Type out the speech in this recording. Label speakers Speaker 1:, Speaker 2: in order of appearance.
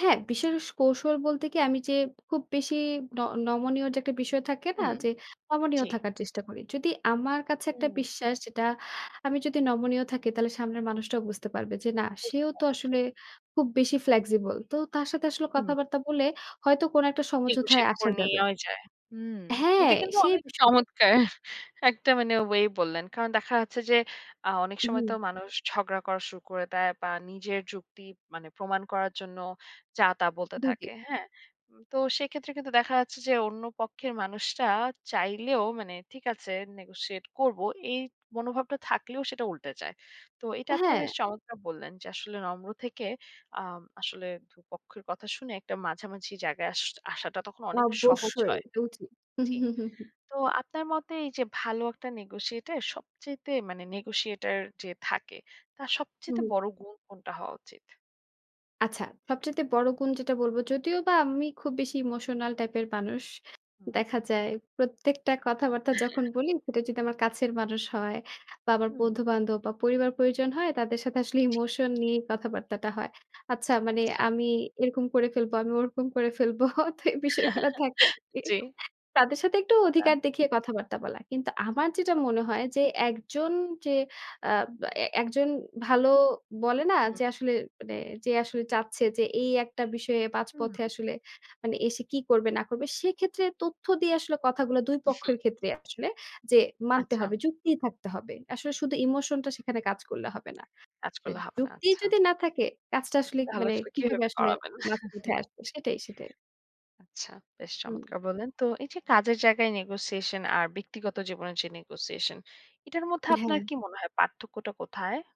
Speaker 1: হ্যাঁ, বিশেষ কৌশল বলতে কি আমি যে খুব বেশি ন নমনীয় যে একটা বিষয় থাকে না
Speaker 2: হুম,
Speaker 1: যে নমনীয়
Speaker 2: জি।
Speaker 1: থাকার চেষ্টা করি। যদি আমার কাছে একটা
Speaker 2: উম
Speaker 1: বিশ্বাস যেটা আমি যদি নমনীয় থাকি তাহলে সামনের মানুষটাও বুঝতে পারবে যে না
Speaker 2: বুঝতে
Speaker 1: সেও তো
Speaker 2: পেরেছি।
Speaker 1: আসলে খুব বেশি flexible তো তার সাথে আসলে
Speaker 2: হুম।
Speaker 1: কথাবার্তা বলে হয়তো কোন একটা সমঝোতায়
Speaker 2: negotiate
Speaker 1: আসা
Speaker 2: করে
Speaker 1: যাবে।
Speaker 2: নেয়াও যায়। হুম। এটা
Speaker 1: হ্যাঁ,
Speaker 2: কিন্তু
Speaker 1: সেই
Speaker 2: অনেক
Speaker 1: বিষয়টাই।
Speaker 2: চমৎকার একটা মানে ওয়ে বললেন। কারণ দেখা যাচ্ছে যে আ অনেক সময়
Speaker 1: হুম।
Speaker 2: তো মানুষ ঝগড়া করা শুরু করে দেয় বা নিজের যুক্তি মানে প্রমাণ করার জন্য যা তা বলতে
Speaker 1: ২ টি।
Speaker 2: থাকে। হ্যাঁ? উম তো সেক্ষেত্রে কিন্তু দেখা যাচ্ছে যে অন্য পক্ষের মানুষটা চাইলেও মানে ঠিক আছে negotiate করব। এই মনোভাবটা থাকলেও সেটা উল্টে যায়। তো এটা তে
Speaker 1: হ্যাঁ।
Speaker 2: বেশ চমৎকার বললেন যে আসলে নম্র থেকে আম আসলে ২ পক্ষের কথা শুনে একটা মাঝামাঝি জায়গায় আশ আসাটা তখন অনেক সহজ
Speaker 1: অবশ্যই
Speaker 2: হয়।
Speaker 1: এটাও ঠিক। হুম,
Speaker 2: জি।
Speaker 1: হুম, হুম, হুম।
Speaker 2: তো আপনার মতে এই যে ভালো একটা negotiate এ সবচাইতে মানে negotiate এর যে থাকে তার সবচাইতে
Speaker 1: হুম।
Speaker 2: বড় গুণ কোনটা হওয়া উচিত?
Speaker 1: আচ্ছা সবচাইতে বড় গুণ যেটা বলব, যদিও বা আমি খুব বেশি ইমোশনাল টাইপের মানুষ
Speaker 2: হুম।
Speaker 1: দেখা যায়। প্রত্যেকটা কথাবার্তা
Speaker 2: এহে।
Speaker 1: যখন বলি সেটা যদি আমার কাছের মানুষ হয় বা আমার
Speaker 2: হুম।
Speaker 1: বন্ধু-বান্ধব বা পরিবার প্রয়োজন হয় তাদের সাথে আসলে ইমোশন নিয়েই কথাবার্তাটা হয়। আচ্ছা মানে
Speaker 2: আচ্ছা।
Speaker 1: আমি এরকম করে ফেলবো, আমি ওরকম করে ফেলবো। তো এই বিষয়গুলা থাকে।
Speaker 2: জী।
Speaker 1: তাদের সাথে একটু
Speaker 2: তা
Speaker 1: অধিকার দেখিয়ে কথাবার্তা বলা। কিন্তু আমার যেটা মনে হয় যে একজন যে আ এ একজন ভালো বলে না
Speaker 2: হুম।
Speaker 1: যে আসলে মানে যে আসলে চাচ্ছে যে এই একটা বিষয়ে ৫
Speaker 2: হুম।
Speaker 1: পথে আসলে মানে এসে কি করবে না করবে, সেক্ষেত্রে তথ্য দিয়ে আসলে কথাগুলা ২
Speaker 2: উহ।
Speaker 1: পক্ষের ক্ষেত্রেই আসলে যে মানতে
Speaker 2: আচ্ছা।
Speaker 1: হবে। যুক্তি থাকতে হবে। আসলে শুধু ইমোশনটা সেখানে কাজ করলে হবে না।
Speaker 2: কাজ
Speaker 1: যে
Speaker 2: করলে হবে না।
Speaker 1: যুক্তিই
Speaker 2: আচ্ছা।
Speaker 1: যদি না থাকে, কাজটা আসলে কি
Speaker 2: তাহলে
Speaker 1: মানে
Speaker 2: আসলে
Speaker 1: কিভাবে
Speaker 2: কিভাবে
Speaker 1: আসলে
Speaker 2: করাবেন?
Speaker 1: মাঝে পথে আসবে সেটাই, সেটাই।
Speaker 2: আচ্ছা বেশ
Speaker 1: হুম।
Speaker 2: চমৎকার বললেন! তো এই যে কাজের জায়গায় negotiation আর ব্যক্তিগত জীবনের যে negotiation এটার মধ্যে আপনার
Speaker 1: হ্যাঁ।
Speaker 2: কি মনে হয় পার্থক্যটা কোথায়?